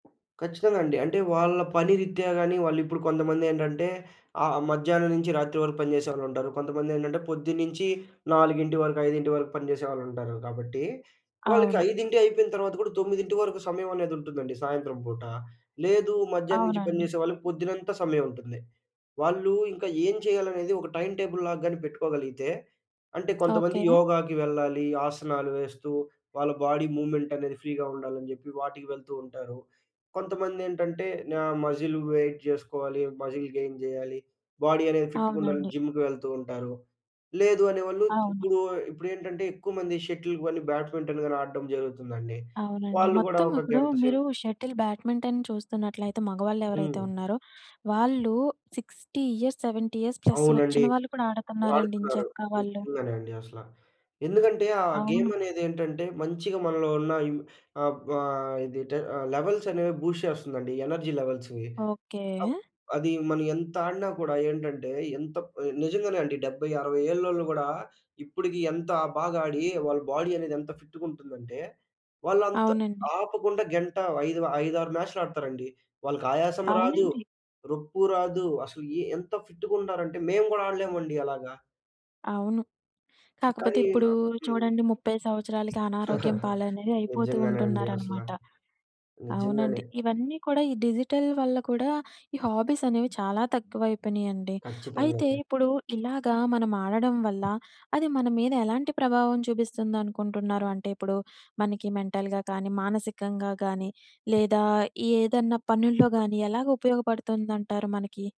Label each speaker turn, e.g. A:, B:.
A: ఖచ్చితంగా అండి. అంటే వాళ్ళ పని రిత్యా గాని, వాళ్ళు ఇప్పుడు కొంతమందేంటంటే ఆహ్, మధ్యాహ్నం నుంచి రాత్రి వరకు పని చేసేవాళ్ళుంటారు. కొంతమందేంటంటే పొద్దున్నుంచి 4 వరకు 5 వరకు పని చేసేవాళ్ళుంటారు. కాబట్టి వాళ్ళకి
B: అవును.
A: 5 అయిపోయిన తర్వాత కూడా 9 వరకు సమయం అనేది ఉంటుందండి సాయంత్రం పూట. లేదు మధ్యాహ్నం నుంచి పని
B: అవునండి.
A: జేసే వాళ్ళకి పొద్దునంతా సమయం ఉంటుంది. వాళ్ళు ఇంకా ఏం చేయాలనేది ఒక టైమ్ టేబుల్‌లాగా గాని పెట్టుకోగలిగితే అంటే కొంతమంది
B: ఓకే.
A: యోగాకి వెళ్ళాలి. ఆసనాలు వేస్తూ వాళ్ళ బాడీ మూవ్‌మెంట్ అనేది ఫ్రీగా ఉండాలని జెప్పి, వాటికి వెళ్తూ ఉంటారు. కొంతమందేంటంటే నా మజిల్ వెయిట్ చేసుకోవాలి. మజిల్ గెయిన్ జేయాలి. బాడీ అనేది ఫిట్‌గా ఉండాలని
B: అవునండి.
A: జిమ్‌కి వెళ్తుంటారు. లేదు అనేవాళ్ళు
B: అవును.
A: ఇప్పుడు ఇప్పుడేంటంటే ఎక్కువమంది షటిల్‌కి వెళ్ళి బ్యాడ్మింటన్ గాని ఆడడం జరుగుతుందండి.
B: అవునండి.
A: వాళ్ళు గూడా
B: మొత్తం
A: ఒక
B: ఇప్పుడు
A: గంట సేపు
B: మీరు షటిల్ బ్యాడ్మింటన్ చూస్తున్నట్లయితే మగవాళ్ళు ఎవరైతే
A: హ్మ్.
B: ఉన్నారో, వాళ్ళు 60 ఇయర్స్ 70 ఇయర్స్ ప్లస్
A: అవునండి.
B: వచ్చిన వాళ్ళు కూడా ఆడుతున్నారండి
A: వాడుతున్నారు.
B: ఎంచక్కా వాళ్ళు.
A: నిజంగానే అండి అసలా. ఎందుకంటే ఆ గేమ్
B: అవును.
A: అనేది ఏంటంటే, మంచిగా మనలో ఉన్న ఇం ఆహ్, ఆహ్, ఇది టే ఆహ్, లెవెల్స్ అనేవి బూస్ట్ చేస్తుందండి. ఎనర్జీ లెవెల్స్‌వి. Up
B: okay.
A: అది మనం ఎంత ఆడినా కూడా ఏంటంటే, ఎంత నిజంగానే అండి. 70, 60 ఏళ్లలో గూడా ఇప్పటికి ఎంత బాగా ఆడి వాళ్ళ బాడీ అనేది ఎంత ఫిట్‌గుంటుందంటే, వాళ్ళంతా
B: అవునండి.
A: ఆపకుండా గంట ఐదు ఐదారు మ్యాచ్‌లు ఆడతారండి. వాళ్ళకి ఆయాసం రాదు.
B: అవునండి.
A: రొప్పు రాదు. అసలు ఎ ఎంత ఫిట్‌గుంటారంటే మేము గూడా ఆడలేమండి అలాగా.
B: అవును. కాకపోతే
A: కానీ
B: ఇప్పుడు
A: అ హ్మ్.
B: చూడండి 30 సంవత్సరాలకి అనారోగ్యం పాలనేవి అయిపోతూ
A: నిజంగానే అండి అసలా.
B: ఉంటున్నారనమాట.
A: నిజంగానే.
B: అవునండి. ఇవన్నీ కూడా ఈ డిజిటల్ వల్ల కూడా ఈ హాబీస్ అనేవి చాలా తక్కువయిపోయినాయండి.
A: కచ్చితంగా
B: అయితే
A: అండి.
B: ఇప్పుడు ఇలాగా మనం ఆడడం వల్ల అది మన మీద ఎలాంటి ప్రభావం చూపిస్తుందనుకుంటున్నారు? అంటే ఇప్పుడు మనకి మెంటల్‌గా కానీ, మానసికంగా గానీ లేదా ఏదన్నా పనుల్లో గానీ ఎలాగా ఉపయోగపడుతుందంటారు మనకి?